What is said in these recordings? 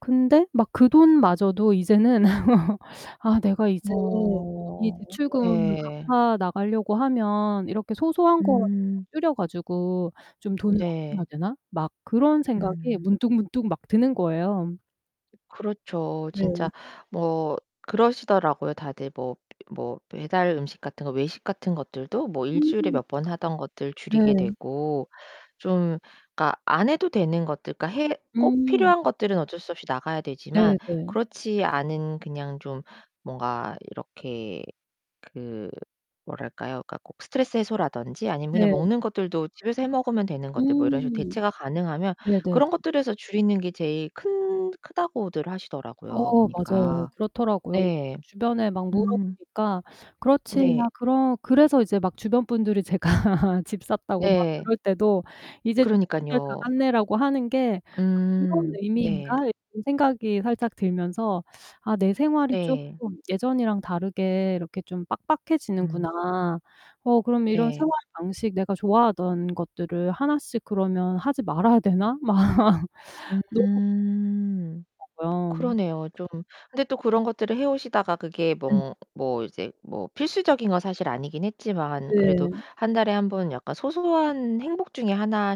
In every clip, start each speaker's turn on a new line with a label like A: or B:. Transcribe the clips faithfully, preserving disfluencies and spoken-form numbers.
A: 근데 막 그 돈마저도 이제는 아 '내가 이제 이
B: 어.
A: 대출금을
B: 예.
A: 갚아 나가려고 하면 이렇게 소소한 거
B: 음.
A: 줄여 가지고 좀 돈을 아껴야
B: 네.
A: 되나?' 막 그런 생각이
B: 음.
A: 문득문득 막 드는 거예요.
B: 그렇죠.
A: 네.
B: 진짜 뭐 그러시더라고요. 다들 뭐 뭐 배달 음식 같은 거, 외식 같은 것들도 뭐 일 주일에
A: 음.
B: 몇 번 하던 것들 줄이게
A: 네.
B: 되고 좀 그러니까 안 해도 되는 것들, 그러니까 해 꼭
A: 음.
B: 필요한 것들은 어쩔 수 없이 나가야 되지만
A: 네네.
B: 그렇지 않은 그냥 좀 뭔가 이렇게 그 뭐랄까요? 그러니까 꼭 스트레스 해소라든지 아니면 그냥
A: 네.
B: 먹는 것들도 집에서 해 먹으면 되는 것들 뭐 이런 식으로
A: 음
B: 대체가 가능하면
A: 네네.
B: 그런 것들에서 줄이는 게 제일 큰 크다고들 하시더라고요,
A: 어 맞아요.
B: 보니까.
A: 그렇더라고요. 그래서
B: 네.
A: 주변에 막
B: 음.
A: 물어보니까 "그렇지.
B: 네.
A: 야." 그러 그래서 이제 막 '주변 분들이 제가 "집 샀다."고 막
B: 네.
A: 그럴 때도 "이제 좋은 시절 다
B: 그러니깐요.
A: 갔네."라고 하는 게 아 그런
B: 음. 네.
A: 의미인가?' 이런 생각이 살짝 들면서 아 '내 생활이
B: 네.
A: 쪼끔 예전이랑 다르게 이렇게 좀
B: 음.
A: 빡빡해지는구나. 어 그럼 이런
B: 네.
A: 생활 방식, 내가 좋아하던 것들을 하나씩 그러면 하지 말아야 되나?' 막 너무
B: 음.
A: [unintelligible] 고요.
B: 그러네요, 좀. 근데 또 그런 것들을 해 오시다가 그게
A: 음.
B: 뭐 뭐 이제 뭐 필수적인 건 사실 아니긴 했지만 그래도
A: 네.
B: 한 달에 한 번 약간 소소한 행복 중에 하나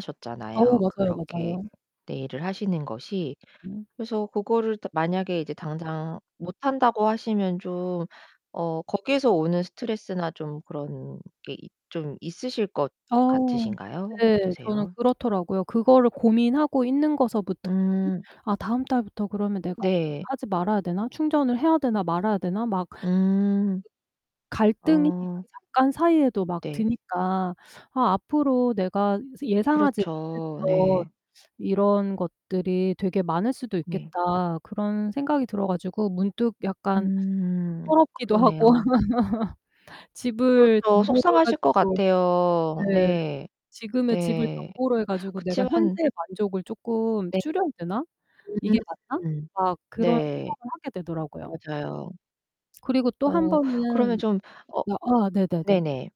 A: 어
B: 셨잖아요,
A: 맞아요,
B: 그렇게
A: 맞아요.
B: 네일을 하시는 것이.
A: 음.
B: 그래서 그거를 다 만약에 이제 당장 못한다고 하시면 좀 어 거기에서 오는 스트레스나 좀 그런 게 있 좀 있으실 것
A: 어우.
B: 같으신가요?
A: 네. 저는
B: 어떠세요?
A: 그렇더라고요. 그거를 고민하고 있는 거서부터 힘
B: 음.
A: '아 다음 달부터 그러면 내가
B: 네.
A: [unintelligible] 하지 말아야 되나? 충전을 해야 되나, 말아야 되나?' 막 그
B: 음.
A: 갈등이
B: 어.
A: 그 잠깐 사이에도 막
B: 네.
A: 드니까 '아 앞으로 내가 예상하지
B: 그렇죠.
A: 못했던
B: 네.
A: 이런 것들이 되게 많을 수도
B: 네.
A: 있겠다.' 그런 생각이 들어 가지고 문득 약간
B: 음.
A: 서럽기도 하고
B: 그러네요.
A: 집을
B: 그렇죠.
A: 담보로 해
B: 속상하실 것
A: 가지고 네
B: 같아요. 네.
A: '지금의 집을
B: 네.
A: 담보로 해 가지고 내가
B: 그치만
A: 현재의 만족을 쪼끔
B: 네.
A: 줄여야 되나? 이게 맞나?'
B: 음.
A: 막 그런
B: 네.
A: 생각을 하게 되더라고요.
B: 맞아요.
A: 그리고 또
B: 어 그러면
A: 한번은
B: 좀 어
A: 어 아 네네네.
B: 네네.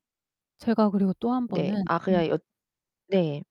A: 제가 그리고 또
B: 네.
A: 한번은
B: 아
A: 음.
B: 그냥 여 네.